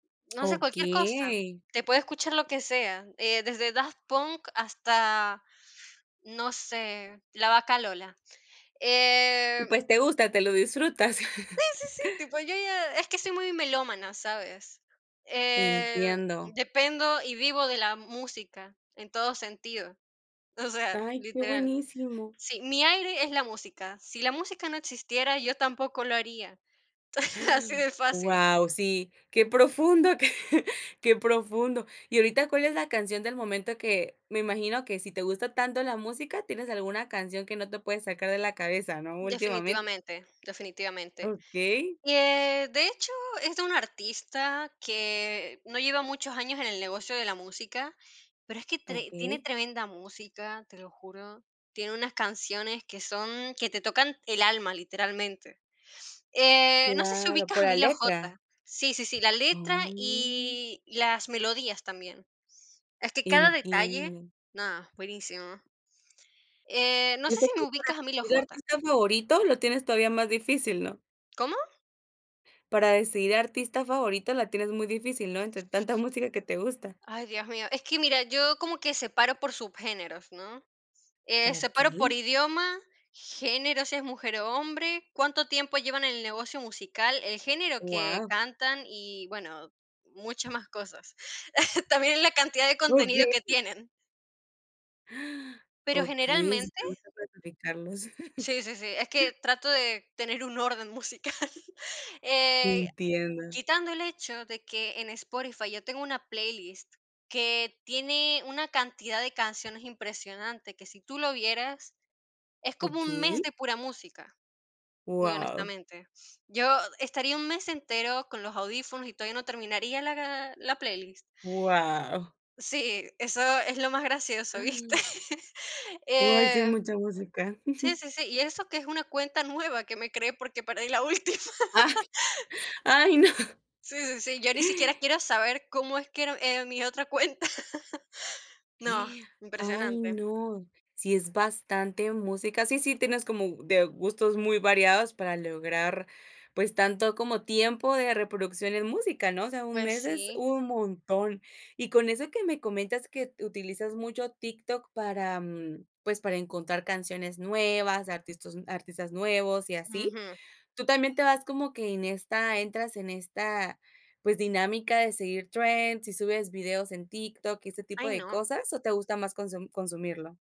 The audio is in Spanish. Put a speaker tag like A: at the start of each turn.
A: No sé, cualquier cosa,
B: Okey.
A: te puede escuchar lo que sea, eh, desde daft punk hasta, no sé, la vaca Lola, eh
B: Y pues te gusta, te lo disfrutas.
A: Sí, sí, sí, tipo, yo ya es que soy muy melómana, ¿sabes?, eh,
B: Entiendo.
A: dependo y vivo de la música en todo sentido, o sea,
B: Ay, qué
A: literal.
B: buenísimo.
A: Sí, mi aire es la música. Si la música no existiera, yo tampoco lo haría,
B: ¡Ah!,
A: así de fácil.
B: wao, sí, qué profundo, que profundo, ¿y ahorita cuál es la canción del momento que me imagino que si te gusta tanto la música, tienes alguna canción que no te puedes sacar de la cabeza?, ¿no? Últimamente.
A: Definitivamente, definitivamente,
B: Okey.
A: eh, de hecho, es de un artista que no lleva muchos años en el negocio de la música, pero es que tre tiene
B: Okey.
A: tremenda música, te lo juro. Tiene unas canciones que son que te tocan el alma, literalmente, eh, no sé, si
B: Claro,
A: ubicas
B: por
A: a
B: la
A: Emilio
B: letra.
A: J. Sí, sí, sí, la letra
B: Mm.
A: y las melodías también. Es que cada detalle
B: Entiendo.
A: nada, buenísimo. Eh, no
B: Y,
A: sé
B: ese
A: si me
B: [unintelligible]
A: ubicas a Emilio
B: y el
A: J.
B: artista favorito, lo tienes todavía más difícil, ¿no?
A: ¿Cómo?
B: Para decidir artista favorito, la tienes muy difícil, ¿no? Entre tanta música que te gusta.
A: Ay, dios mío. Es que mira, yo como que separo por subgéneros, ¿no?, eh, separo por
B: Okey.
A: idioma, género, si es mujer o hombre, cuánto tiempo llevan en el negocio musical, el género que
B: Wao.
A: cantan y, bueno, muchas más cosas. También en la cantidad de contenido
B: Okey.
A: que tienen.
B: ¡Ah!
A: Pero,
B: Okey
A: generalmente
B: [unintelligible]
A: Sí, sí, sí, es que trato de tener un orden musical,
B: Te
A: eh,
B: entiendo.
A: quitando el hecho de que en Spotify yo tengo una playlist que tiene una cantidad de canciones impresionante, que si tú lo vieras es como un mes
B: Okey.
A: de pura música, muy
B: Wao.
A: honestamente. Yo estaría un mes entero con los audífonos y todavía no terminaría la la playlist.
B: Wao.
A: Sí, eso es lo más gracioso, ¿viste?
B: ¡Ah! Ay, sí es
A: Eh,
B: mucha música.
A: sí, sí, sí, y eso que es una cuenta nueva, que me creé porque perdí la última.
B: Ay, no.
A: Sí, sí, sí, yo ni siquiera quiero saber cómo es que era, eh, mi otra cuenta. No,
B: ¡Y! Ay,
A: impresionante.
B: no. Sí, es bastante música. Sí sí, tienes como de gustos muy variados para lograr, pues tanto como tiempo de reproducción en música, ¿no? O sea, un
A: Pues,
B: mes es
A: sí.
B: un montón. Y con eso que me comentas que utilizas mucho TikTok para, mm, pues, para encontrar canciones nuevas, artistas artistas nuevos y así,
A: Ujú.
B: tú también te vas como que en esta entras en esta pues, dinámica de seguir trends y subes videos en TikTok y este tipo
A: Ay
B: de
A: no.
B: cosas, o, ¿te gusta más consu-consumirlo?